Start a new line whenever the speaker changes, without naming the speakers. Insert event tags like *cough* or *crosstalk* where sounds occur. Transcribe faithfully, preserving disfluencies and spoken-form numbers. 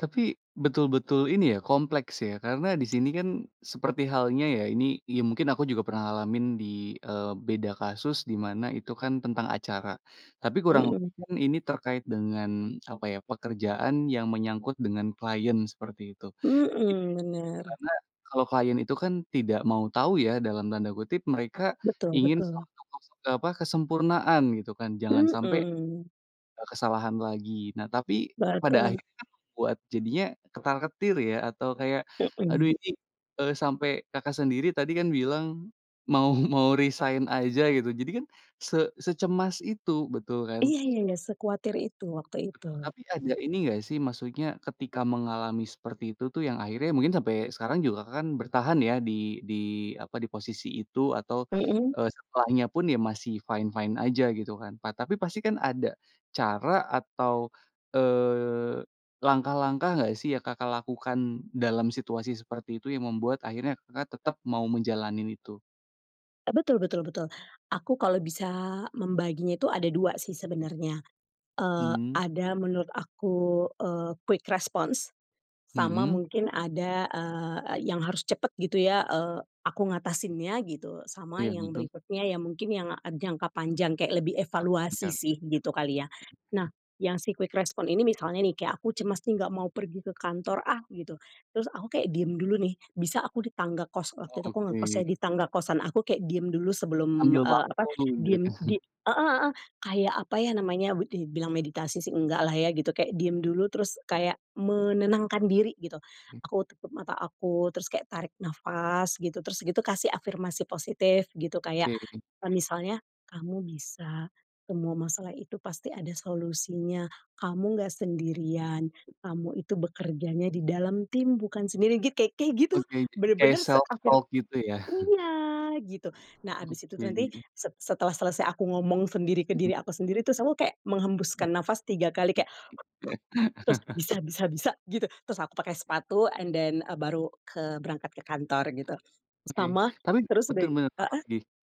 Tapi, betul-betul ini ya, kompleks ya karena di sini kan seperti halnya ya ini, ya mungkin aku juga pernah ngalamin di, eee, beda kasus di mana itu kan tentang acara, tapi kurang lebih
Mhm.
kan ini terkait dengan apa ya, pekerjaan yang menyangkut dengan klien seperti itu. I
Mhm, bener.
karena kalau klien itu kan "tidak mau tahu ya" dalam tanda kutip, mereka
Betul
ingin
betul.
suatu kese eee, apa, kesempurnaan gitu kan, jangan sampai,
Mhm.
eee, kesalahan lagi, nah tapi pada
Betul.
akhirnya membuat jadinya ketar-ketir ya, atau kayak, aduh
Mhm.
ini, eee, sampai Kakak sendiri tadi kan bilang "Mau mau resign aja," gitu, jadi kan se secemas itu, betul kan?
Iya, ya ya, sekuatir itu waktu itu.
Betul, tapi ada ini enggak sih, maksudnya ketika mengalami seperti itu tuh yang akhirnya mungkin sampai sekarang juga Kakak kan bertahan ya di di apa, di posisi itu atau,
Mhm.
eee, setelahnya pun ya masih fine-fine aja gitu kan, ta tapi pastikan ada cara atau, eee, langkah-langkah enggak sih yang Kakak lakukan dalam situasi seperti itu yang membuat akhirnya Kakak tetap mau menjalanin itu?
Eee, betul betul betul. Aku kalau bisa membaginya itu ada dua sih sebenarnya, eee,
Mmm.
ada menurut aku, eee, quick response, sama
Mhm.
mungkin ada, eee, yang harus cepat gitu ya, eee, aku ngatasinnya gitu, sama
Iya
yang
betul.
berikutnya yang mungkin yang jangka panjang kayak lebih
Jangka
evaluasi
panjang.
sih gitu kali ya. Nah yang si quick response ini misalnya nih, kayak aku cemas nih, "Nggak mau pergi ke kantor ah," gitu, terus aku kayak diem dulu nih, bisa aku di tangga kos
Oh
waktu itu aku ngekos ya,
oke.
di tangga kosan aku kayak diem dulu sebelum,
Ambil
eee, apa,
waktu,
diem
gitu.
di heeh heeh, kayak apa ya namanya, dibilang meditasi sih enggaklah ya gitu, kayak diem dulu terus kayak menenangkan diri gitu,
M
aku tutup mata aku, terus kayak tarik nafas gitu, terus gitu kasih afirmasi positif gitu, kayak
Oke.
kayak misalnya, "Kamu bisa, semua masalah itu pasti ada solusinya, kamu nggak sendirian, kamu itu bekerjanya di dalam tim bukan sendiri," git ka kayak gitu.
Oke, kayak
Bener-bener seafir
self-talk gitu ya. *chuckles*
iya, gitu. Nah abis itu nanti
Oke.
se setelah selesai aku ngomong sendiri ke
Mhm.
diri aku sendiri, terus aku kayak
M
menghembuskan nafas tiga kali kayak, *exhales* terus,
*chuckles*
"bisa bisa bisa," gitu, terus aku pakai sepatu and then, eee, baru ke berangkat ke kantor gitu.
Oke,
Sama,
tapi
terus uda
betul banget,
heeh.
apalagi?